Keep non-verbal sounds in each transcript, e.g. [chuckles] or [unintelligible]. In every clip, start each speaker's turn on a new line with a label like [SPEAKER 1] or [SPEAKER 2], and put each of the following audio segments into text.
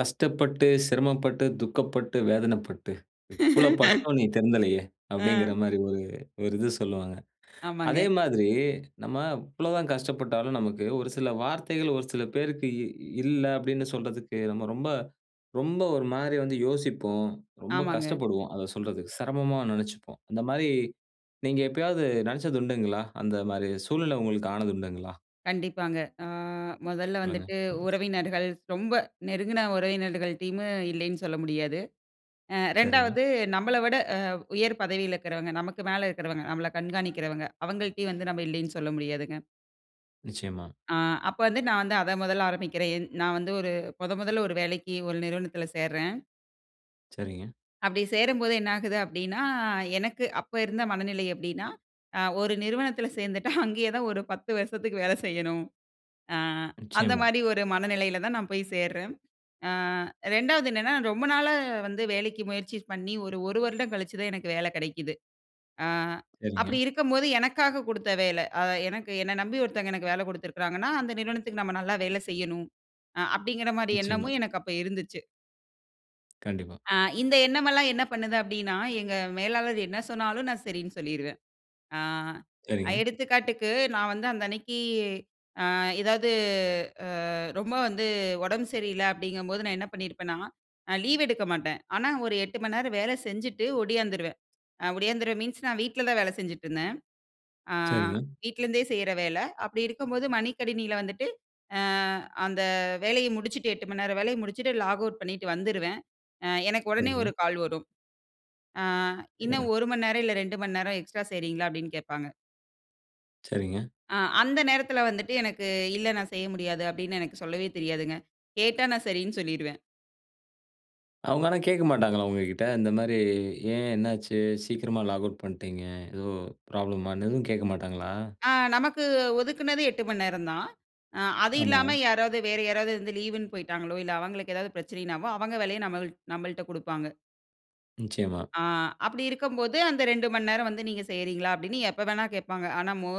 [SPEAKER 1] "கஷ்டப்பட்டு, சிரமப்பட்டு, துக்கப்பட்டு, வேதனைப்பட்டு, இவ்வளோ
[SPEAKER 2] [laughs]
[SPEAKER 1] பட்டும் நீ திருந்தலயே."
[SPEAKER 2] அ.
[SPEAKER 1] அப்படீங்கிறமாரி ஒரு ஒரு இது சொல்லுவாங்க. அதே
[SPEAKER 2] ஆமாங்க.
[SPEAKER 1] மாதிரி நம்ம இவ்வளவு தான் கஷ்டப்பட்டாலும், நமக்கு ஒரு சில வார்த்தைகள் ஒரு சில பேருக்கு "இல்ல" அப்படீன்னு சொல்றதுக்கு, நம்ம ரொம்ப ரொம்ப ஒரு மாரி வந்து யோசிப்போம். ரொம்ப
[SPEAKER 2] ஆமாங்க.
[SPEAKER 1] கஷ்டப்படுவோம், அத சொல்றதுக்கு. செரமமா நெனச்சுப்போம். அந்தமாரி நீங்க எப்பயாவது நெனச்சது உண்டுங்களா? அந்தமாரி சூழ்நிலை உங்களுக்கு ஆனது உண்டுங்களா?
[SPEAKER 2] கண்டிப்பாங்க. அ மொதல்ல
[SPEAKER 1] சொல்லுங்க.
[SPEAKER 2] வந்துட்டு
[SPEAKER 1] [unintelligible]
[SPEAKER 2] உறவினர்கள் ரொம்ப நெருங்குன உறவினர்கள்டைம்மே இல்லைன்னு சொல்ல முடியாது. அ
[SPEAKER 1] சரிங்க.
[SPEAKER 2] 2வது நம்பள விட அ உயர் பதவியில இருக்கிறவங்க நமக்கு மேல இருக்கிறவங்க, நம்மள கண்காணிக்கிறவங்க அவுங்கள்ட்டயும் வந்து நம்ப இல்லைன்னு சொல்ல முடியாதுங்க.
[SPEAKER 1] நிச்சயமா.
[SPEAKER 2] ஆ. அப்ப வந்து நான் வந்து அத மொதல்ல ஆரம்பிக்கிறேன். என் நா வந்து ஒரு மொத மொதல்ல ஒரு வேலைக்கு ஒரு நிறுவனத்தில சேர்றேன்.
[SPEAKER 1] சரிங்க.
[SPEAKER 2] அப்படி சேரும்போது என்ன ஆகுது அப்படீன்னா, எனக்கு அப்ப இருந்த மனநிலை எப்படீன்னா, அ ஒரு நிறுவனத்தில சேர்ந்துட்டா [chuckles] அங்கேயே தான் ஒரு 10 வருஷத்துக்கு வேல செய்யணும். ஆ,
[SPEAKER 1] நிச்சயமா.
[SPEAKER 2] அந்தமாரி ஒரு மனநிலையில தான் நான் போய் சேர்றேன். ஆ 2வது என்னன்னா, ரொம்ப நாளா வந்து வேலைக்கு முயற்சி பண்ணி ஒரு 1 வருடம் கழிச்சு தான் எனக்கு வேல கிடைக்குது. ஆ அப்படி
[SPEAKER 1] சரிங்க.
[SPEAKER 2] இருக்கும்போது, "எனக்காக குடுத்த வேல. அ எனக்கு என்ன நம்பி ஒருத்தங்க எனக்கு வேல குடுத்துருக்கிறாங்கன்னா, அந்த நிறுவனத்துக்கு நம்ம நல்லா வேலை செய்யணும்." அ அப்படீங்கிற மாரி
[SPEAKER 1] நிச்சயமா.
[SPEAKER 2] எண்ணமும் எனக்கு அப்ப இருந்துச்சு.
[SPEAKER 1] கண்டிப்பா.
[SPEAKER 2] அ, இந்த எண்ணமெல்லாம் என்ன பண்ணுது அப்டின்னா? எங்க மேலாளர் என்ன சொன்னாலும் நான் சரின்னு சொல்லிருவேன். அ
[SPEAKER 1] சரிங்க.
[SPEAKER 2] எடுத்துக்காட்டுக்கு நான் வந்து அந்த அன்னைக்கு, அ எதாவது அ ரொம்ப வந்து உடம்பு சரியில்ல அப்படிங்கம்போது, நான் என்ன பண்ணியிருப்பேன்னா? நான் லீவ் எடுக்க மாட்டேன். ஆனா, ஒரு 8 மணிநேரம் வேல செஞ்சுட்டு ஒடியாந்துருவேன். அ ஒடியாந்துருவேன். மீன்ஸ் நான் வீட்ல தான் வேல செஞ்சுட்ருந்தேன். அ
[SPEAKER 1] சரிங்க.
[SPEAKER 2] வீட்ல இருந்தே செய்ற வேல. அப்படி இருக்கும்போது மடி கணினில வந்துட்டு, அ அந்த வேலைய முடிச்சுட்டு 8 மணி நேர வேலைய முடிச்சுட்டு லாக்அவுட் பண்ணீட்டு வந்துருவேன். அ எனக்கு ஒடனே 1
[SPEAKER 1] சரிங்க.
[SPEAKER 2] கால் வரும். "அ
[SPEAKER 1] சரிங்க.
[SPEAKER 2] இன்னும் 1 மணிநேரம், இல்ல 2 மணி நேரம் எக்ஸ்ட்ரா செய்றீங்களா?" அப்படீன்னு கேட்பாங்க.
[SPEAKER 1] சரிங்க.
[SPEAKER 2] அ அந்த நேரத்துல வந்துட்டு எனக்கு, "இல்ல நான் செய்ய முடியாது." அப்படீன்னு எனக்கு சொல்லவே தெரியாதுங்க. கேட்டா நான் சரின்னு சொல்லிடுவேன்.
[SPEAKER 1] அவங்க ஆனா கேட்க மாட்டாங்களா உங்ககிட்ட? இந்த மாரி ஏன், என்ன ஆச்சு? சீக்கிரமா லாக்அவுட் பண்ட்டீங்க. எதோ ப்ராப்ளம்மான்னு எதுவும் கேட்க மாட்டாங்களா?
[SPEAKER 2] அ, நமக்கு ஒதுக்குனது 8 மணிநேரம் தான். அ அது
[SPEAKER 1] ஆமா.
[SPEAKER 2] இல்லாம யாராவது வேற யாராவது வந்து லீவுன்னு போயிட்டாங்களோ, இல்ல அவங்களுக்கு எதாவது பிரச்சனனாவோ, அவங்க வேலைய நம்மள் நம்மள்ட்ட குடுப்பாங்க.
[SPEAKER 1] நிச்சயமா.
[SPEAKER 2] ஆ அப்டி இருக்கம்போது அந்த 2 மணி நேரம் வந்து நீங்க செய்றீங்களா? அப்டின்னு எப்பவேனா கேப்பாங்க. ஆனா மோ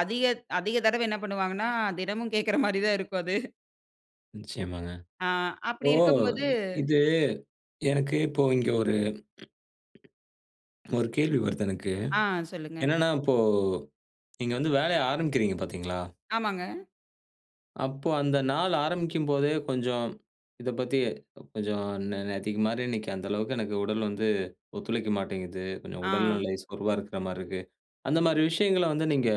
[SPEAKER 2] அதிக அதிக தடவ என்ன பண்ணுவாங்கன்னா, தினமும் கேக்ற மாதிரி தான் இருக்கும் அது.
[SPEAKER 1] நிச்சயமாங்க.
[SPEAKER 2] அ
[SPEAKER 1] ஓ!
[SPEAKER 2] அப்டி இருக்கும்போது.
[SPEAKER 1] இது எனக்கு இப்போ இங்க ஒரு, ஒரு கேள்வி வருது எனக்கு.
[SPEAKER 2] ஆ சொல்லுங்க.
[SPEAKER 1] என்னன்னா, இப்போ நீங்க வந்து வேலைய ஆரம்பிக்கிறீங்க பார்த்தீங்ளா?
[SPEAKER 2] ஆமாங்க.
[SPEAKER 1] அப்போ அந்த நாள் ஆரம்பிக்கும்போதே கொஞ்சம் இத பத்தி கொஞ்சம் நே நேத்திக்கு மாரி இன்னைக்கி, அந்த அளவுக்கு எனக்கு உடல் வந்து ஒத்துழைக்க மாட்டேங்குது. கொஞ்சம் உடல்
[SPEAKER 2] ஆ.
[SPEAKER 1] நெலை சோர்வா இருக்குற மாதிரி இருக்கு. அந்த மாரி விஷயங்கள வந்து நீங்க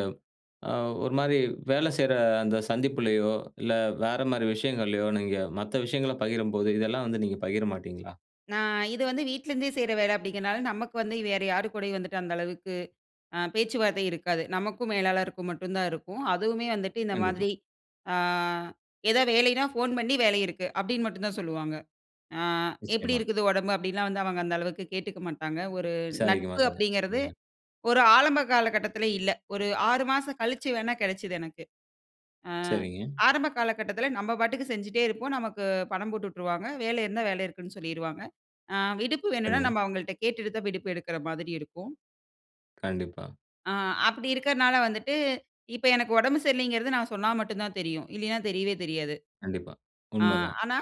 [SPEAKER 1] அ ஒரு மாரி வேலை செய்ற அந்த சந்திப்புலயோ இல்ல வேற மாரி விஷயங்கள்லயோ, நீங்க மத்த விஷயங்கள பகிரும்போது இதெல்லாம் வந்து நீங்க பகிர மாட்டீங்களா?
[SPEAKER 2] நான் இது வந்து வீட்லருந்தே செய்ற வேல அப்டிங்றதுனால நமக்கு வந்து வேற யாரு கூடயும் வந்துட்டு, அந்த அளவுக்கு அ பேச்சுவார்த்த இருக்காது. நமக்கும் மேலாளருக்கு மட்டும் தான் இருக்கும். அதுவுமே வந்துட்டு இந்த
[SPEAKER 1] கண்டிப்பா.
[SPEAKER 2] மாதிரி. ஆ ஏதாவது வேலைன்னா ஃபோன் பண்ணி வேலை இருக்கு. அப்டின்னு மட்டும் தான் சொல்லுவாங்க. ஆ எப்டி
[SPEAKER 1] நிச்சயமா.
[SPEAKER 2] இருக்குது உடம்பு? அப்டிலாம் வந்து அவங்க அந்த அளவுக்கு கேட்டுக்க மாட்டாங்க. ஒரு
[SPEAKER 1] விசாரிக்க
[SPEAKER 2] நட்பு
[SPEAKER 1] மாட்டாங்க.
[SPEAKER 2] அப்டிங்கிறது
[SPEAKER 1] சரிங்க.
[SPEAKER 2] ஒரு ஆரம்ப காலகட்டத்துல இல்ல. ஒரு 6 மாசம் கழிச்சு வேணா கெடைச்சது எனக்கு. ஆ
[SPEAKER 1] சரிங்க.
[SPEAKER 2] ஆரம்ப காலகட்டத்துல நம்ம பாட்டுக்கு செஞ்சுட்டே இருப்போம். நமக்கு பணம் போட்டு விட்ருவாங்க. வேலை இருந்தா வேலை இருக்குன்னு சொல்லிருவாங்க. அ விடுப்பு வேணுன்னா
[SPEAKER 1] சரிங்க.
[SPEAKER 2] நம்ம அவங்கள்ட்ட கேட்டுட்டு தான் விடுப்பு எடுக்குற மாதிரி இருக்கும்.
[SPEAKER 1] கண்டிப்பா.
[SPEAKER 2] ஆ. அப்டி இருக்கனால வந்துட்டு, இப்ப எனக்கு உடம்பு சரியில்லைங்கிறது, நான் சொன்னா மட்டுந்தான் தெரியும். இல்லைனா, தெரியவே தெரியாது.
[SPEAKER 1] கண்டிப்பா.
[SPEAKER 2] ஆ,
[SPEAKER 1] உண்மதான்.
[SPEAKER 2] ஆனா.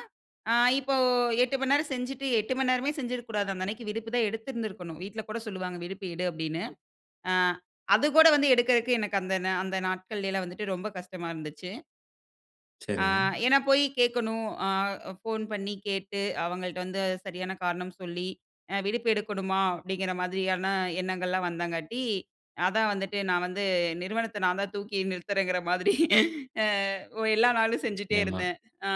[SPEAKER 2] அ, இப்போ 8 மணி நேர செஞ்சிட்டு, 8 மணி நேரமே செஞ்சிருக்க கூடாது. அந்த அன்னைக்கு விடுப்பு தா எடுத்திருந்திருக்கணும் வீட்ல கூட சொல்லுவாங்க. விடுப்பு எடு, அப்டினு. ஆ, அது கூட வந்து எடுக்கறதுக்கு, எனக்கு அந்த நா அந்த நாட்கள்லேலா வந்துட்டு, ரொம்ப கஷ்டமா இருந்துச்சு. ஆ,
[SPEAKER 1] சரிங்க.
[SPEAKER 2] ஏனா போயி கேட்கணும். அ, ஃபோன் பண்ணி கேட்டு, அவங்கள்ட்ட வந்து, சரியான காரணம் சொல்லி, அ, விடுப்பு எடுக்கணுமா? அப்டிங்கிற மாதிரியான எண்ணங்கள்லாம் வந்தங்காட்டி, அதான் வந்துட்டு, நான் வந்து நிறுவனத்த நான்தா, தூக்கி நிறுத்துறேங்கிற மாதிரி அ ஓ எல்லா நாளும் செஞ்சுட்டே
[SPEAKER 1] ஏம்மா.
[SPEAKER 2] இருந்தே. அ,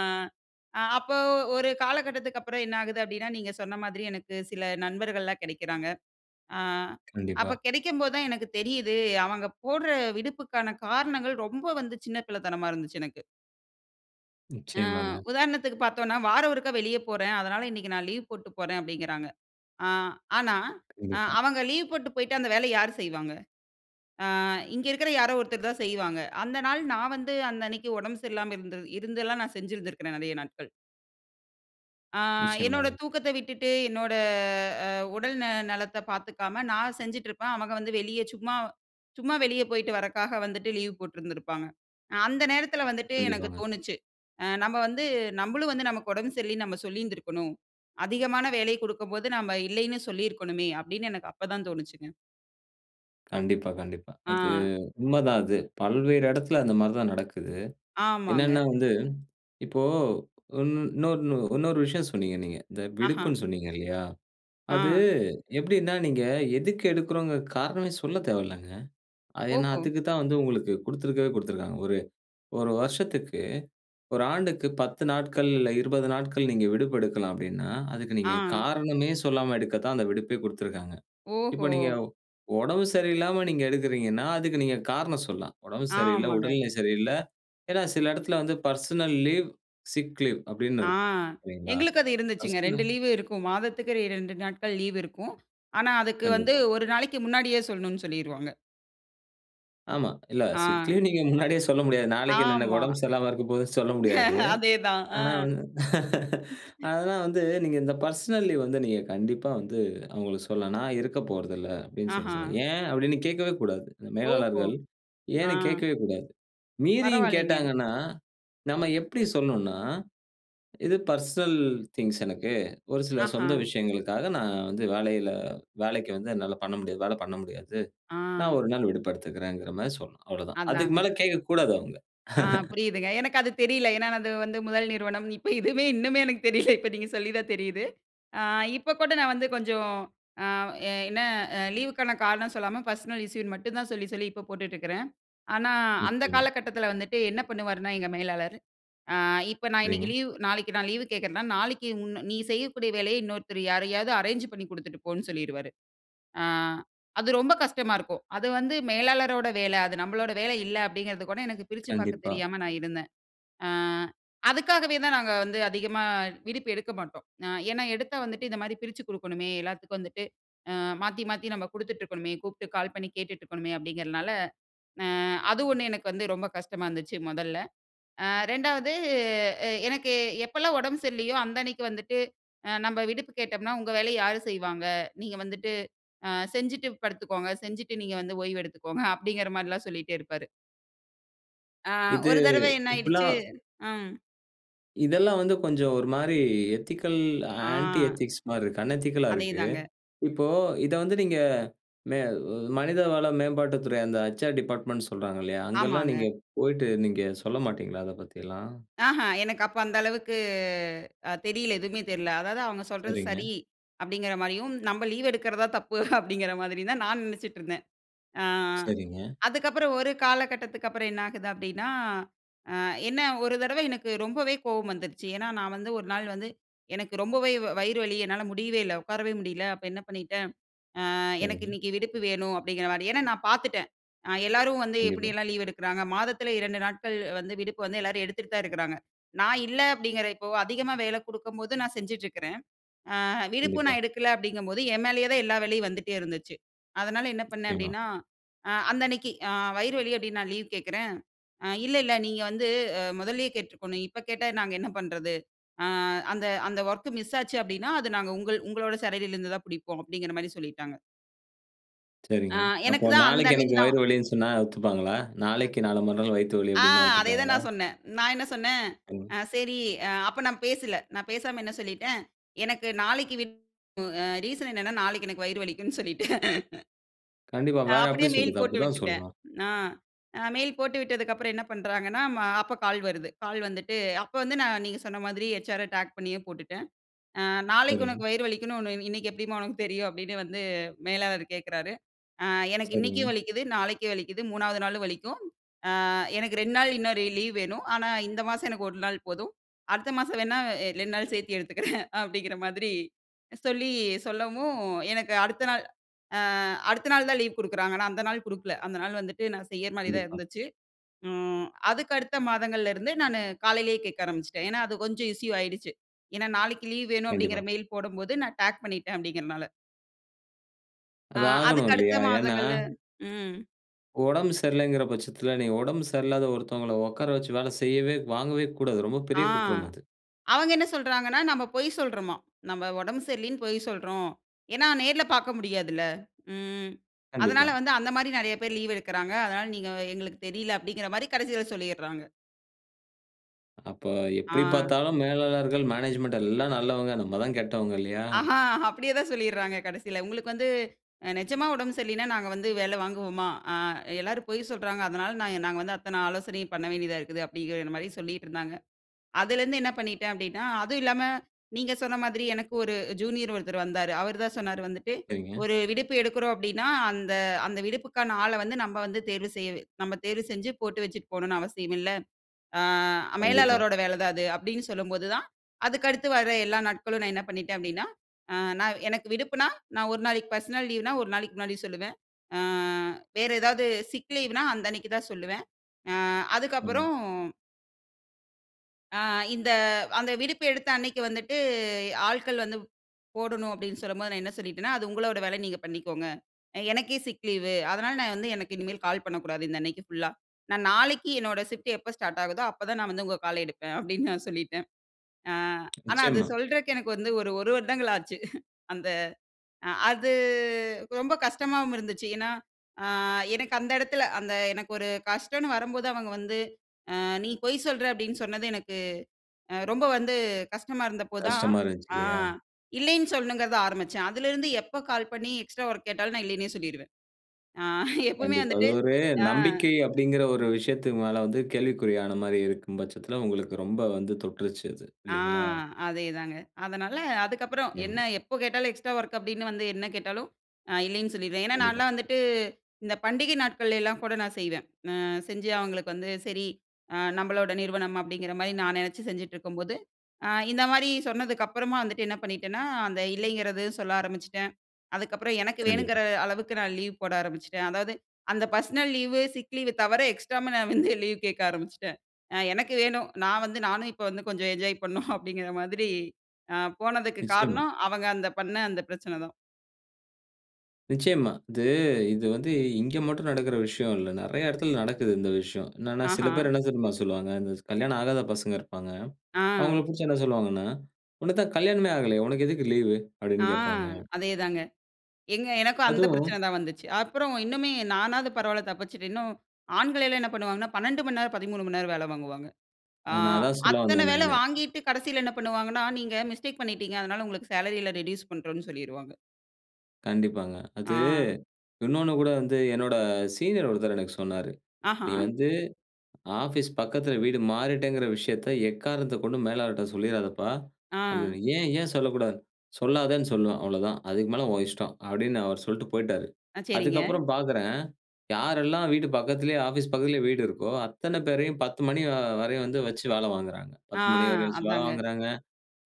[SPEAKER 2] அப்ப ஒரு காலகட்டத்துக்கு அப்புறம் என்னாகுது அப்டின்னா, நீங்க சொன்ன மாதிரி, எனக்கு சில நண்பர்கள்லாம் கிடைக்கிறாங்க. அ,
[SPEAKER 1] கண்டிப்பா.
[SPEAKER 2] அப்ப கெடைக்கம்போதுதா எனக்கு தெரியுது, அவங்க போடுற விடுப்புக்கான காரணங்கள், ரொம்ப வந்து சின்ன பிள்ளைத்தனமா இருந்துச்சு, எனக்கு. ஆ,
[SPEAKER 1] நிச்சயமாங்க.
[SPEAKER 2] உதாரணத்துக்கு பாத்தோனா, வார ஒரு தடவை வெளிய போறேன். அதனால, இன்னைக்கு நான் லீவ் போட்டு போறேன், அப்டிங்கிறாங்க. ஆ, ஆனா
[SPEAKER 1] கண்டிப்பா.
[SPEAKER 2] அவங்க லீவ் போட்டு போய்ட்டா, அந்த வேலைய யார் செய்வாங்க? ஆ, இங்க இருக்கிற யாரோ ஒருத்தர் தா செய்வாங்க. அந்த நாள், நான் வந்து, அந்த அன்னைக்கு உடம்பு சரியில்லாம இருந் இருந்தெல்லாம் நா செஞ்சுருந்திருக்கிறேன் நெறையா நாட்கள். ஆ என்னோட
[SPEAKER 1] நிச்சயமாங்க.
[SPEAKER 2] தூக்கத்த விட்டுவிட்டு. என்னோட அ உடல் ந நலத்த பார்த்துக்காம, நான் செஞ்சிட்டுருப்பேன். அவங்க வந்து வெளிய சும்மா சும்மா வெளியே போய்விட்டு வறக்காக வந்துட்டு லீவ் போட்ருந்திருப்பாங்க. அ அந்த நேரத்துல வந்துட்டு எனக்கு
[SPEAKER 1] கண்டிப்பாங்க.
[SPEAKER 2] தோன்னுச்சி. அ நம்ம வந்து, நம்மளும் வந்து நமக்கு உடம்பு சரியில்லன்னு நம்ம சொல்லியிருந்திருக்கணும். அதிகமான வேலை குடுக்கும்போது நம்ம இல்லன்னு சொல்லி இருக்கணுமே. அப்படின்னு எனக்கு அப்பதான் தோனுச்சுங்க.
[SPEAKER 1] கண்டிப்பா, கண்டிப்பா. அது
[SPEAKER 2] ஆ.
[SPEAKER 1] உண்மதான் அது. பல்வேறு இடத்துல அந்த மாரி தான் நடக்குது.
[SPEAKER 2] ஆமாங்க.
[SPEAKER 1] என்னென்னா வந்து இப்போ இன் இன்னொரு இன்னொரு விஷயம் சொன்னீங்க நீங்க. இந்த
[SPEAKER 2] ஆஹ.
[SPEAKER 1] விடுப்புன்னு சொன்னீங்க இல்லையா. அது
[SPEAKER 2] ஆ.
[SPEAKER 1] எப்படின்னா நீங்க எதுக்கு எடுக்கிறோம்ங்க காரணம் சொல்ல தேவையில்லங்க. அது ஏன்னா,
[SPEAKER 2] ஓஹோ.
[SPEAKER 1] அதுக்கு தான் வந்து உங்களுக்கு குடுத்திருக்கவே குடுத்திருக்காங்க ஒரு 1 வருஷத்துக்கு, 1 ஆண்டுக்கு 10 நாட்கள் இல்ல 20 நாட்கள் நீங்க விடுப்பு எடுக்கலாம் அப்படின்னா, அதுக்கு நீங்க
[SPEAKER 2] ஆ.
[SPEAKER 1] காரணமே சொல்லாம எடுக்க தான் அந்த விடுப்பே குடுத்திருக்காங்க. இப்போ
[SPEAKER 2] ஓஹோ!
[SPEAKER 1] நீங்க உடம்பு சரியில்லாம நீங்க எடுக்கிறீங்கன்னா, அதுக்கு நீங்க காரணம் சொல்லாம். உடம்பு சரியில்ல,
[SPEAKER 2] ஆமாங்க.
[SPEAKER 1] உடல்நிலை சரியில்ல. ஏன்னா, சில இடத்துல வந்து பெர்சனல் லீவ், சிக் லீவ் அப்படின்னு
[SPEAKER 2] ஆ.
[SPEAKER 1] இருக்கும். சரிங்களா.
[SPEAKER 2] எங்களுக்கு அது இருந்துச்சுங்க. 2
[SPEAKER 1] பெர்சனல்
[SPEAKER 2] லீவு இருக்கும். மாதத்துக்கு 2 நாட்கள் லீவு இருக்கும். ஆனா, அதுக்கு வந்து
[SPEAKER 1] கண்டிப்பா.
[SPEAKER 2] ஒரு நாளைக்கு முன்னாடியே சொல்லணும்னு சொல்லிருவாங்க.
[SPEAKER 1] ஆமா. இல்ல சிக்
[SPEAKER 2] ஆ.
[SPEAKER 1] லீவ் நீங்க முன்னாடியே சொல்ல முடியாது. நாளைக்கு எனக்கு
[SPEAKER 2] ஆமா.
[SPEAKER 1] உடம்பு சரியில்லாம இருக்க போதுன்னு சொல்ல முடியாது.
[SPEAKER 2] [laughs] அதேதான். ஆ.
[SPEAKER 1] ஆனா வந்து [laughs]
[SPEAKER 2] [laughs]
[SPEAKER 1] ஆனா வந்து, நீங்க இந்த பெர்சனல் லீவ் வந்து, நீங்க கண்டிப்பா வந்து அவுங்களுக்கு சொல்லலாம். "நான் இருக்க போறதில்ல" அப்டின்னு சொல்லி
[SPEAKER 2] ஆஹா.
[SPEAKER 1] சொல்லலாம். "ஏன்?" அப்டின்னு கேக்கவே கூடாது,
[SPEAKER 2] ஓஹோ!
[SPEAKER 1] மேலாளர்கள்.
[SPEAKER 2] ஆ.
[SPEAKER 1] ஏன்னு கேட்கவே கூடாது. மீறியும்
[SPEAKER 2] பரவால்லைங்க.
[SPEAKER 1] கேட்டாங்கன்னா, நம்ம எப்டி சொல்னுன்னா "இது பெர்சனல் திங்க்ஸ் எனக்கு. ஒரு சில
[SPEAKER 2] ஆஹா.
[SPEAKER 1] சொந்த விஷயங்களுக்காக நான் வந்து வேலையில வேலைக்கு வந்து என்னால பண்ண முடியாது வேல பண்ண முடியாது. நான்
[SPEAKER 2] ஆ.
[SPEAKER 1] ஒரு நாள் விடுப்பேடுத்துக்கிறேன்ங்கற மாரி சொல்லணும். அவ்ளோதான். அதுக்கு
[SPEAKER 2] அதாங்க.
[SPEAKER 1] மேல கேக்க கூடாது அவுங்க.
[SPEAKER 2] ஆ
[SPEAKER 1] [chuckles]
[SPEAKER 2] புரியுதுங்க. எனக்கு அது தெரில. ஏன்னா அது வந்து முதல் நிறுவனம். இப்ப இதுமே இன்னுமே எனக்கு தெரியல இப்ப நீங்க சொல்லி தான் தெரியுது. அ இப்ப கூட நான் வந்து கொஞ்சம் அ என்ன லீவுக்கான காரணம் சொல்லாம பர்சனல் இஷ்யூ ன்னு மட்டும் தான் சொல்லி, சொல்லி இப்ப போட்டுட்ருக்கிறேன். ஆனா, அந்த
[SPEAKER 1] நிச்சயமா.
[SPEAKER 2] காலகட்டத்தில வந்துட்டு, என்ன பண்ணுவாருன்னா எங்க மேலாளரு! அ இப்ப நான்
[SPEAKER 1] சரிங்க.
[SPEAKER 2] இன்னிக்கு லீவு நாளைக்கு நான் லீவு கேக்கிறேன்னா, நாளைக்கு உன்ன நீ செய்யக்கூடிய வேலைய இன்னொருத்தர் யாரையாவது அரேஞ்ச் பண்ணி குடுத்துட்டு போன்னு சொல்லிருவாரு. ஆ அது ரொம்ப கஷ்டமா இருக்கும். அது வந்து மேலாளரோட வேல. அது நம்பலோட வேல இல்ல அப்டிங்கறது கூட எனக்கு பிரிச்சு பாக்கத்
[SPEAKER 1] கண்டிப்பா.
[SPEAKER 2] தெரியாம நான் இருந்தேன். ஆ அதுக்காகவே தான் நாங்க வந்து அதிகமா விடுப்பு எடுக்க மாட்டோம். ஏன்னா, எடுத்தா வந்துட்டு இந்த மாரி பிரிச்சு குடுக்கணுமே. எல்லாத்துக்கும் வந்துட்டு அ மாத்தி மாத்தி நம்ப குடுத்துட்ருக்கனுமே. கூப்ட்டு கால் பண்ணி கேட்டுட்டு இருக்கணுமே அப்டிங்க்ரனால ஆ அது 1 எனக்கு வந்து ரொம்ப கஷ்டமா இருந்துச்சு மொதல்ல. ஆ 2வது எனக்கு, எப்பல்லாம் உடம்பு சரில்லையோ அந்த அன்னைக்கு வந்துட்டு அ நம்ம விடுப்பு கேட்டோம்னா உங்க வேலைய யாரு செய்வாங்க? நீங்க வந்துட்டு அ செஞ்சிட்டு படுத்துகொங்க. செஞ்சிட்டு நீங்க வந்து ஓய்வு எடுத்துக்கோங்க அப்டிங்கற மாரில்லாம் சொல்லிட்டேருப்பாரு. ஆ
[SPEAKER 1] இது
[SPEAKER 2] ஒரு தடவ என்ன ஆயிடுச்சு.
[SPEAKER 1] இப்படிலாம்
[SPEAKER 2] ம்.
[SPEAKER 1] இதெல்லாம் வந்து கொஞ்சம் ஒருமாரி எத்திக்கல்
[SPEAKER 2] ஆ.
[SPEAKER 1] ஆன்டி எத்திக்ஸ் மாரி இருக்கு. அன் எதிக்கல் ஆ
[SPEAKER 2] அதே
[SPEAKER 1] இருக்கு.
[SPEAKER 2] தாங்க.
[SPEAKER 1] இப்போ இத வந்து நீங்க மே அ மனிதவள மேம்பாட்டு துறை அந்த ஹெச்.ஆர் டிபார்ட்மென்ட்னு சொல்றாங்க இல்லயா! அங்கலாம் நீங்க
[SPEAKER 2] ஆமாங்க.
[SPEAKER 1] போயிட்டு நீங்க சொல்ல மாட்டீங்களா! அத பத்திலாம்.
[SPEAKER 2] ஆஹா! எனக்கு அப்ப அந்த அளவுக்கு அ தெரியல எதுவுமே தெரியல. அதாவது அவுங்க சொல்றது
[SPEAKER 1] சரிங்க.
[SPEAKER 2] சரி. அப்பிடிங்கிறமாரியும் நம்ம லீவு எடுக்கிறதா தான் தப்பு அப்பிடிங்கிற மாரியும் தான் நான் நினச்சிட்டு இருந்தேன். ஆ
[SPEAKER 1] சரிங்க.
[SPEAKER 2] அதுக்கப்புறம் ஒரு காலகட்டத்துக்கப்புறம் என்ன ஆகுது அப்பிடின்னா, அ என்ன ஒரு தடவ எனக்கு ரொம்பவே கோவம் வந்துருச்சு. ஏன்னா, நான் வந்து ஒரு நாள் வந்து எனக்கு ரொம்பவே வயிறு வலி என்னால முடியவே இல்ல. உட்காரவே முடியல. அப்ப என்ன பண்ணிட்டேன். ஆ எனக்கு
[SPEAKER 1] சரிங்க.
[SPEAKER 2] இன்னக்கி விடுப்பு வேணும். அப்பிடிங்கிறமாரியே ஏன்னா நான் பார்த்துட்டேன். அ எல்லாரும் வந்து
[SPEAKER 1] கண்டிப்பா.
[SPEAKER 2] எப்பிடியெல்லாம் லீவு எடுக்குறாங்க. மாதத்தில 2 நாட்கள் வந்து விடுப்பு வந்து எல்லாரும் எடுத்துட்டு தான் இருக்குறாங்க. நான் இல்ல அப்பிடிங்கிற இப்ப அதிகமா வேலை கொடுக்கும்போது, நான் செஞ்சுட்டு இருக்கிறேன். ஆ விடுப்பும்
[SPEAKER 1] கண்டிப்பா.
[SPEAKER 2] நான் எடுக்கல. அப்பிடிங்கம்போது என் மேலயேதான் எல்லா வேலையும் வந்துட்டே இருந்துச்சு. அதனால என்ன பண்னேன்
[SPEAKER 1] நிச்சயமா.
[SPEAKER 2] அப்பிடின்னா, அ அந்த அன்னக்கி அ வயிறு வலி அப்பிடின்னு நான் லீவு கேக்கிறேன். அ இல்ல இல்ல நீங்க வந்து. முதல்லயே கேட்ருக்கோன்னு. இப்ப கேட்டா நாங்க என்ன பண்றது? அ அந்த அந்த ஒர்க் மிஸ் ஆச்சு அப்பிடின்னா, அத நாங்க உங்கள் உங்களோட சேலரில இருந்து தான் பிடிப்போம். அப்பிடிங்கிறமாரி சொல்லிட்டாங்க. ஆ.
[SPEAKER 1] சரிங்க. அப்போ
[SPEAKER 2] எனக்கு தான் அந்த
[SPEAKER 1] நாளைக்கு
[SPEAKER 2] அன்னைக்கு
[SPEAKER 1] எனக்கு
[SPEAKER 2] தான்.
[SPEAKER 1] வயிறு வலின்னு சொன்னா ஒத்துப்பாங்களா?
[SPEAKER 2] அ.
[SPEAKER 1] நாளைக்கு நாள மறுநாள் வயித்து வலி
[SPEAKER 2] ஆ.
[SPEAKER 1] அப்டின்னா
[SPEAKER 2] அதே தான்
[SPEAKER 1] ஒத்துக்குவாங்களா?
[SPEAKER 2] நான் சொன்னேன். நான் என்ன சொனனேன்,
[SPEAKER 1] ம்.
[SPEAKER 2] ஆ சரி. அ அப்ப நான் பேசல. நான் பேசாம என்ன சொல்லிட்டேன், எனக்கு நாளைக்கு வின் அ ரீசன் என்னனா, நாளைக்கு எனக்கு வயிறு வலிக்குன்னு சொல்லிட்டேன்
[SPEAKER 1] கண்டிப்பா.
[SPEAKER 2] ஆ.
[SPEAKER 1] வேற
[SPEAKER 2] அப்படியே
[SPEAKER 1] எப்டி
[SPEAKER 2] மெயில்
[SPEAKER 1] சொல்றது?
[SPEAKER 2] போட்டு
[SPEAKER 1] அப்படி தான்
[SPEAKER 2] விட்டுட்டேன்.
[SPEAKER 1] சொல்லணும்.
[SPEAKER 2] ஆ. அ மெயில் போட்டு விட்டதுக்கு அப்புறம் என்ன பண்றாங்கன்னா, அப்போ கால் வருது. கால் வந்துட்டு, அப்போ வந்து நீங்க சொன்ன மாதிரி ஹெச்.ஆர்ர டேக் பண்ணியே போட்டுட்டன். அ "நாளைக்கு உனக்கு
[SPEAKER 1] சரிங்க.
[SPEAKER 2] வயிறு வலிக்குன்னு ஒண்ணு இன்னைக்கு எப்படிம்மா உனக்கு தெரியும்?" அப்படின்னு வந்து மேலாளர் கேட்கறாரு. ஆ எனக்கு இன்னைக்கும்
[SPEAKER 1] சரிங்க.
[SPEAKER 2] வலிக்குது, நாளைக்கு வலிக்குது, 3வது நாளும் வலிக்கும். அ எனக்கு 2 நாள் இன்னொரு லீவ் வேணும். ஆனா இந்த மாசம் எனக்கு ஒரு நாள் போதும். அடுத்த மாசம் வேணா 2 நாள் சேர்த்தி எடுத்துக்குறேன். [chuckles] அப்டிங்கிற மாதிரி சொல்லி சொல்லவும். எனக்கு அடுத்த நாள் அ அடுத்த நாள் தான் லீவ் குடுக்குறாங்க. நா அந்த நாள் குடுக்கல. அந்த நாள் வந்துட்டு நான் செய்யற மாரி தான்
[SPEAKER 1] கண்டிப்பா.
[SPEAKER 2] இருந்துச்சு. ம். அதுக்கு அடுத்த மாதங்கள்ல இருந்து நானு காலையிலேயே கேட்க ஆரம்பிச்சிட்டேன். ஏனா, அது கொஞ்சம் இஷ்யூ ஆயிடுச்சு. ஏனா, நாளைக்கு லீவ் வேணும் அப்டிங்கிற
[SPEAKER 1] கண்டிப்பா.
[SPEAKER 2] மெயில் போடும்போது நான் டேக் பண்ணிட்டேன் அப்டிங்கிறனால. ஆ
[SPEAKER 1] அது ஆகணும்,
[SPEAKER 2] அதுக்கு அடுத்த
[SPEAKER 1] இல்லையா. ஏன்னா.
[SPEAKER 2] மாதங்கள்ல ம்.
[SPEAKER 1] ஒடம்பு சரியில்லங்கிற பட்சத்தில, 'நீ ஒடம்பு சரியில்லாத ஒருத்தவங்கள உட்கார வச்சு வேல செய்யவே வாங்கவே கூடாது.' ரொம்ப
[SPEAKER 2] ஆ,
[SPEAKER 1] பெரிய குற்றம் அது.
[SPEAKER 2] அவங்க என்ன சொல்றாங்கன்னா, நம்ம பொய் சொல்றோம்மா. 'நம்ம ஒடம்பு சரியில்லன்னு பொய் சொல்றோம்.' ஏன்னா, நேர்ல பார்க்க முடியாதுல்ல. ம் அதனால
[SPEAKER 1] கண்டிப்பா.
[SPEAKER 2] வந்து அந்த மாதிரி நெறைய பேர் லீவ் எடுக்கிறாங்க. அதனால, நீங்க எங்களுக்கு தெரியல அப்படிங்கிற மாரி கடைசியில சொல்லிடுறாங்க.
[SPEAKER 1] அப்ப
[SPEAKER 2] ஆ.
[SPEAKER 1] எப்படி பார்த்தாலும் மேலாளர்கள், மேனேஜ்மென்ட் எல்லா நல்லவங்க. நம்ம தான் கெட்டவங்க இல்லையா?
[SPEAKER 2] ஆஹா, அப்படியே தான் சொல்லிடுறாங்க கடைசியில "உங்களுக்கு வந்து நிஜமா உடம்பு சரியில்லன்னா, நாங்க வந்து வேலை வாங்குவோமா? அ எல்லாரும் பொய் சொல்றாங்க. அதனால, நாங்க வந்து அத்தனை ஆலோசனையும் பண்ண வேண்டியதா இருக்குது", அப்படிங்கிற மாரி சொல்லிட்டு இருந்தாங்க. அதில இருந்து என்ன பண்ணிட்டேன் அப்படின்னா, அதுவும் இல்லாம, நீங்க சொன்ன மாதிரி எனக்கு ஒரு ஜூனியர் ஒருத்தர் வந்தாரு. அவரு தான் சொன்னாரு வந்துட்டு,
[SPEAKER 1] சரிங்க.
[SPEAKER 2] "ஒரு விடுப்பு எடுக்கிறோம் அப்படின்னா, அந்த அந்த விடுப்புக்கான ஆள வந்து நாம வந்து தேர்வு செஞ்சு நாம தேர்வு செஞ்சு போட்டு வச்சுட்டு போணும்ன்னு அவசியம் இல்ல. ஆ
[SPEAKER 1] கண்டிப்பா.
[SPEAKER 2] மேலாளருடைய வேலை தான் அது." அப்படின்னு சொல்லும்போது தான் அதுக்கு அடுத்து வர்ற எல்லா நாட்களும் நான் என்ன பண்ணிட்டேன்? அப்படின்னா எனக்கு விடுப்புன்னா, நான் ஒரு நாளைக்கு பெர்சனல் லீவ்ன்னா, ஒரு நாளைக்கு முன்னாடி சொல்லுவேன். வேற ஏதாச்சு சிக் லீவ்ன்னா அந்த அன்னைக்கு தான் சொல்லுவேன். அ
[SPEAKER 1] ம்.
[SPEAKER 2] அதுக்கப்புறம். ஆ, இந்த அந்த விடுப்பு எடுத்த அன்னக்கி வந்துட்டு ஆட்கள் வந்து, போடணும் அப்பிடின்னு சொல்லும்போது நான் என்ன சொல்லிட்டேன்னா, அது உங்களோட வேல நீங்க பண்ணிக்கோங்க. அ, எனக்கே சிக் லீவ் அதனால நான் வந்து எனக்கு இனிமேல் கால் பண்ணக்கூடாது. இந்த அன்னக்கி ஃபுல்லா. நான் நாளைக்கு என்னோட ஷிஃப்ட் எப்போ ஸ்டார்ட் ஆகுதோ! அப்ப தான் நான் வந்து உங்க கால எடுப்பேன். அப்பிடின்னு நான் சொல்லிட்டேன் ஆ, ஆனா அது
[SPEAKER 1] நிச்சயமா.
[SPEAKER 2] சொல்றதுக்கு எனக்கு வந்து ஒரு, ஒரு வருடங்கள் ஆச்சு [chuckles] அந்த அ அது ரொம்ப கஷ்டமாவும் இருந்துச்சு. ஏன்னா ஆ, எனக்கு அந்த இடத்துல அந்த எனக்கு ஒரு கஷ்டன்னு வரும்போது அவங்க வந்து ஆ நீ பொய் சொல்ற அப்பிடின்னு சொன்னது எனக்கு அ ரொம்ப வந்து கஷ்டமா இருந்தப்போ தான்,
[SPEAKER 1] கஷ்டமா இருந்துச்சு
[SPEAKER 2] ஆ
[SPEAKER 1] இல்லயா?
[SPEAKER 2] இல்லேன்னு சொல்லணுங்கிறத ஆரம்பிச்சேன். அதுலேருந்து எப்ப கால் பண்ணி எக்ஸ்ட்ரா ஒர்க் கேட்டாலும் நான் இல்லேன்னே சொல்லிருவேன். ஆ, எப்பவுமே
[SPEAKER 1] கண்டிப்பா. அது
[SPEAKER 2] வந்துட்டு
[SPEAKER 1] ஒரு
[SPEAKER 2] ஆ.
[SPEAKER 1] நம்பிக்கை அப்பிடிங்கிற ஒரு விஷயத்துக்கு மேல வந்து கேள்விக்குறியானமாரி இருக்கும் பட்சத்தில உங்களுக்கு ரொம்ப வந்து தொட்டுருச்சு அது.
[SPEAKER 2] ஆ,
[SPEAKER 1] இல்லேங்களா?
[SPEAKER 2] அதே தாங்க. அதனால அதுக்கப்புறம்
[SPEAKER 1] எம்
[SPEAKER 2] என்ன எப்போ கேட்டாலும் எக்ஸ்ட்ரா வொர்க் அப்பிடின்னு வந்து என்ன கேட்டாலும் இ, இல்லேன்னு சொல்லிருவேன். ஏன்னா
[SPEAKER 1] கண்டிப்பா.
[SPEAKER 2] நான்லாம் வந்துட்டு இந்த பண்டிகை நாட்கள்ல எல்லாம் கூட நான் செய்வேன். ஆ, செஞ்சு அவுங்களுக்கு வந்து சரி அ நம்மளோட நிறுவனம். அப்பிடிங்கிற மாரி நான் நினைச்சு செஞ்சுட்டு இருக்கும்போது, ஆ, இந்த மாதிரி சொன்னதுக்கு அப்பறமா வந்துட்டு என்ன பண்ணிட்டேன்னா, அந்த இல்லைங்கிறது சொல்ல ஆரம்பிச்சுட்டேன். அதுக்கப்புறம் எனக்கு
[SPEAKER 1] கண்டிப்பா.
[SPEAKER 2] வேணுங்கிற அளவுக்கு நான் லீவ் போட ஆரம்பிச்சுட்டேன். அதாவது அந்த பர்ஷனல் லீவு, சிக் லீவு தவர எக்ஸ்ட்ராவும் நான் வந்து லீவ் கேட்க ஆரம்பிச்சுட்டேன் ஆ, எனக்கு வேணும், நான் வந்து நானும் இப்போ வந்து கொஞ்சம் என்ஜாய் பண்ணும் அப்பிடிங்கிற மாதிரி ஆ, போனதுக்கு
[SPEAKER 1] நிச்சயமா.
[SPEAKER 2] காரணம் அவங்க அந்த பண்ண அந்த பிரச்சன தான்.
[SPEAKER 1] நிச்சயமா. இது இது வந்து இங்க மட்டும் நடக்கிற விஷயம் இல்ல. நெறைய இடத்தில நடக்குது இந்த விஷயம். என்னென்னா, சில
[SPEAKER 2] ஆஹா.
[SPEAKER 1] பேர் என்ன தெரியுமா சொல்லுவாங்க. இந்த ஸ் கல்யாணம் ஆகாத பசங்க இருப்பாங்க. அவுங்கள
[SPEAKER 2] ஆ.
[SPEAKER 1] பிடிச்சு என்ன சொல்லுவாங்கன்னா, உனக்கு தான் கல்யாணமே ஆகலயே! உனக்கு எதுக்கு லீவு?
[SPEAKER 2] ஆ.
[SPEAKER 1] அப்பிடின்னு கேப்பாங்க.
[SPEAKER 2] அதே தாங்க. எங்க எனக்கும் அந்த பிரச்சனை
[SPEAKER 1] அதுவும்.
[SPEAKER 2] தான் வந்துச்சு. அப்புறம் இன்னுமே நானாவது பரவாயில்ல தப்பிச்சுட்டேன். இன்னும் ஆண்கள் எல்லாம் என்ன பண்ணுவாங்கன்னா? 12:00 மணி நேரம் 13:00 மணி நேரம் வேல வாங்குவாங்க. ஆ
[SPEAKER 1] நான் அதான் சொல்ல
[SPEAKER 2] அத்தன
[SPEAKER 1] வந்தேன்
[SPEAKER 2] வேலை
[SPEAKER 1] நானு.
[SPEAKER 2] வாங்கிட்டு கடைசில என்ன பண்ணுவாங்கன்னா? நீங்க மிஸ்டேக் பண்ணிட்டீங்க, அதனால உங்களுக்கு சேலரில ரெட்யூஸ் பண்றோன்னு சொல்லிருவாங்க.
[SPEAKER 1] கண்டிப்பாங்க. அது
[SPEAKER 2] ஆ.
[SPEAKER 1] இன்னொன்னு கூட வந்து என்னோட சீனியர் ஒருத்தர் எனக்கு சொன்னாரு.
[SPEAKER 2] ஆஹா.
[SPEAKER 1] "நீ வந்து ஆபீஸ் பக்கத்தில வீடு மாறிட்டேங்கிற விஷயத்த எக்காரணத்தக் கொண்டும் மேலாளர்ட்ட சொல்லிறாதப்பா!"
[SPEAKER 2] ஆ.
[SPEAKER 1] அப்பிடின்னு "ஏன் ஏன் சொல்லக்கூடாது?," "சொல்லாதேன்னு சொல்லுவேன் அவ்ளவதான். அதுக்கு மேல உன் இஷ்டம்". அப்பிடின்னு அவரு சொல்ட்டு போய்ட்டாரு.
[SPEAKER 2] ஆ. சரிங்க.
[SPEAKER 1] அதுக்கப்புறம் பார்க்கறேன், யாரெல்லாம் வீட்டு பக்கத்திலயே ஆபீஸ் பக்கத்திலயே வீடு இருக்கோ! அத்தன பேரையும் 10:00 மணி வ வரையும் வந்து வச்சு வேலை வாங்குகிறாங்க.
[SPEAKER 2] ஆ.
[SPEAKER 1] 10:00 மணி வரையும் வச்சு வேல
[SPEAKER 2] அதாங்க.
[SPEAKER 1] வாங்குகிறாங்க.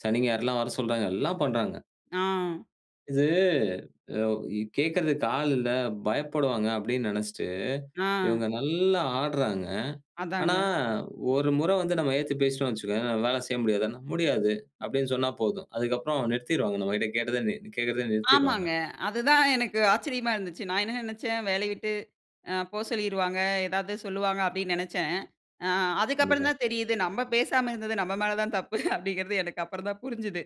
[SPEAKER 1] சனி, ஞாயிறுலாம் வர சொல்றாங்க. எல்லாம் பண்றாங்க.
[SPEAKER 2] ஆ.
[SPEAKER 1] இது அவு கு கேட்கிறதுக்கு ஆள் இல்ல பயப்படுவாங்க அப்பிடின்னு நெனைச்சுட்டு,
[SPEAKER 2] ஆ.
[SPEAKER 1] இவுங்க நல்லா ஆட்றாங்க.
[SPEAKER 2] அதாங்க.
[SPEAKER 1] ஆனா ஒரு முற வந்து நம்ம ஏதிர்த்து பேசிட்டோம் வச்சுக்கோயேன், நான் வேலை செய்ய முடியாதன்னா, முடியாது. அப்பிடின்னு சொன்னா போதும். அதுக்கப்புறம் நிறுத்திருவாங்க. நம்மக்கிட்ட கேட்டதே நி கேட்கிறத நிறுத்திருவாங்க.
[SPEAKER 2] ஆமாங்க. அதுதான் எனக்கு ஆச்சரியமா இருந்துச்சு. நான் என்ன நினைச்சேன் வேலய விட்டு ஆ. போ சொல்லிருவாங்க. ஏதாவது சொல்லுவாங்க அப்படின்னு நினைச்சேன். அ அதுக்கப்புறம்
[SPEAKER 1] கண்டிப்பா.
[SPEAKER 2] தான் தெரியுது நம்ம பேசாம இருந்தது நம்ம மேல தான்தப்பு அப்பிடிங்கிறது எனக்கு அப்புறம் தான் புரிஞ்சுது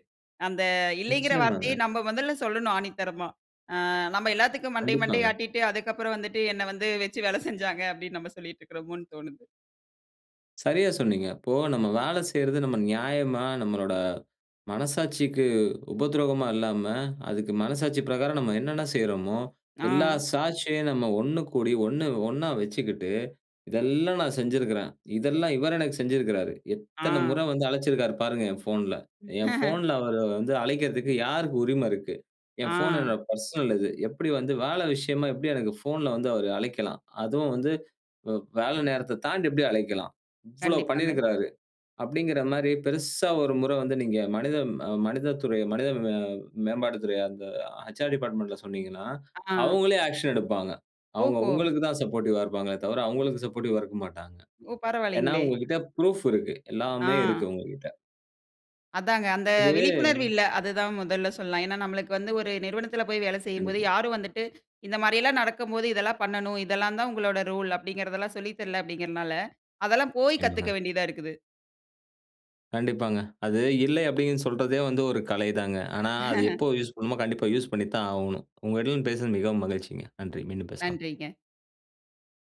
[SPEAKER 2] அந்த இல்லேங்கிற வார்த்தையே
[SPEAKER 1] நிச்சயமாங்க.
[SPEAKER 2] நம்ப முதல்ல சொல்லணும் ஆணித்தரமா, ஆ நம்ம எல்லாத்துக்கும் மண்டைய, மண்டைய
[SPEAKER 1] கண்டிப்பாங்க.
[SPEAKER 2] ஆட்டிட்டு அதுக்கப்பறம் வந்துட்டு என்ன வந்து வச்சு வேலை செஞ்சாங்க அப்படின்னு நம்ம சொல்லிட்டு இருக்கறோமோன்னு தோணுது.
[SPEAKER 1] சரியா சொன்னீங்க. இப்போ நம்ம வேலை செய்றது நம்ம நியாயமா, நம்மளோட, மனசாட்சிக்கு உபத்ரோகமா இல்லாம, அதுக்கு மனசாட்சி பிரகாரம் நம்ம என்னன்ன செய்றமோ, எல்லா
[SPEAKER 2] அ.
[SPEAKER 1] சாட்சியும் நம்ம ஒண்ணு கூடி ஒண்ணு ஒண்ணா வச்சுக்கிட்டு இதெல்லா நான் செஞ்சுருக்குறேன். இதெல்லாம் இவரு எனக்கு செஞ்சுருக்குறாரு. எத்தன முற
[SPEAKER 2] அ.
[SPEAKER 1] வந்து அழைச்சுருக்காரு பாருங்க என் போன்ல. என்
[SPEAKER 2] [chuckles]
[SPEAKER 1] போன்ல அவர வந்து அழைக்கறத்துக்கு யாருக்கு உரிம இருக்கு. என் போன்
[SPEAKER 2] அ.
[SPEAKER 1] என்னுடைய பெர்சனல் இது, எப்படி வந்து வேலை விஷயமா எப்படி எனக்கு போன்ல வந்து அவர் அழைக்கலாம்? அதுவும் வந்து வ வேல நேரத்தத் தாண்டி எப்படி அழைக்கலாம்? இவ்வளோ
[SPEAKER 2] கண்டிப்பாங்க.
[SPEAKER 1] பண்ணிருக்கிறாரு. அப்படின்கிற மாரி பெரிசா ஒரு முற வந்து நீங்க மனித மனித துறை, மனித மே மேம்பாட்டு துறை அந்த அ "ஹெச். ஆர் டிபார்ட்மென்ட்ல" சொன்னீங்கன்னா,
[SPEAKER 2] அ.
[SPEAKER 1] அவுங்களே ஆக்க்ஷன் எடுப்பாங்க. அவுங்க
[SPEAKER 2] ஓஹோ!
[SPEAKER 1] உங்களுக்கு தான் சப்போர்டிவ்வா இருப்பாங்களே தவிர, அவுங்களுக்கு சப்போர்டிவ்வா இருக்க மாட்டாங்க.
[SPEAKER 2] ஓ!
[SPEAKER 1] ஏன்னா
[SPEAKER 2] பரவாயில்லைங்களே.
[SPEAKER 1] உங்ககிட்ட புரூஃப் இருக்கு. எல்லாமே இருக்கு
[SPEAKER 2] அ.
[SPEAKER 1] உங்ககிட்ட.
[SPEAKER 2] அதாங்க அந்த விழிப்புணர்வு
[SPEAKER 1] இது.
[SPEAKER 2] இல்ல. அதுதான் முதல்ல சொல்லலாம். ஏன்னா நமக்கு வந்து ஒரு நிறுவனத்தில போய் வேலை செய்யும்போது
[SPEAKER 1] கண்டிப்பா.
[SPEAKER 2] யாரும் வந்துட்டு, இந்த மாரியெல்லா நடக்கும் போது, இதெல்லாம் பண்ணனும், இதெல்லாம் தான் உங்களோட ரூல். அப்படிங்கிறதெல்லா சொல்லித் தரல அப்படீங்கறனால, அதெல்லா போய் கத்துக்க
[SPEAKER 1] [unintelligible]
[SPEAKER 2] வேண்டியதா இருக்குது!
[SPEAKER 1] கண்டிப்பாங்க. அது இல்லை அப்படின்னு சொல்றதே வந்து ஒரு கலை தாங்க! ஆனா அது
[SPEAKER 2] [chuckles]
[SPEAKER 1] எப்போ யூஸ் பண்ணணுமோ, கண்டிப்பா யூஸ் பண்ணி தான் ஆவணும். உங்களிடம் பேசுனது மிகவும் மகிழ்ச்சிங்க. நன்றி. மீண்டும் பேசலாம்.
[SPEAKER 2] நன்றிங்க.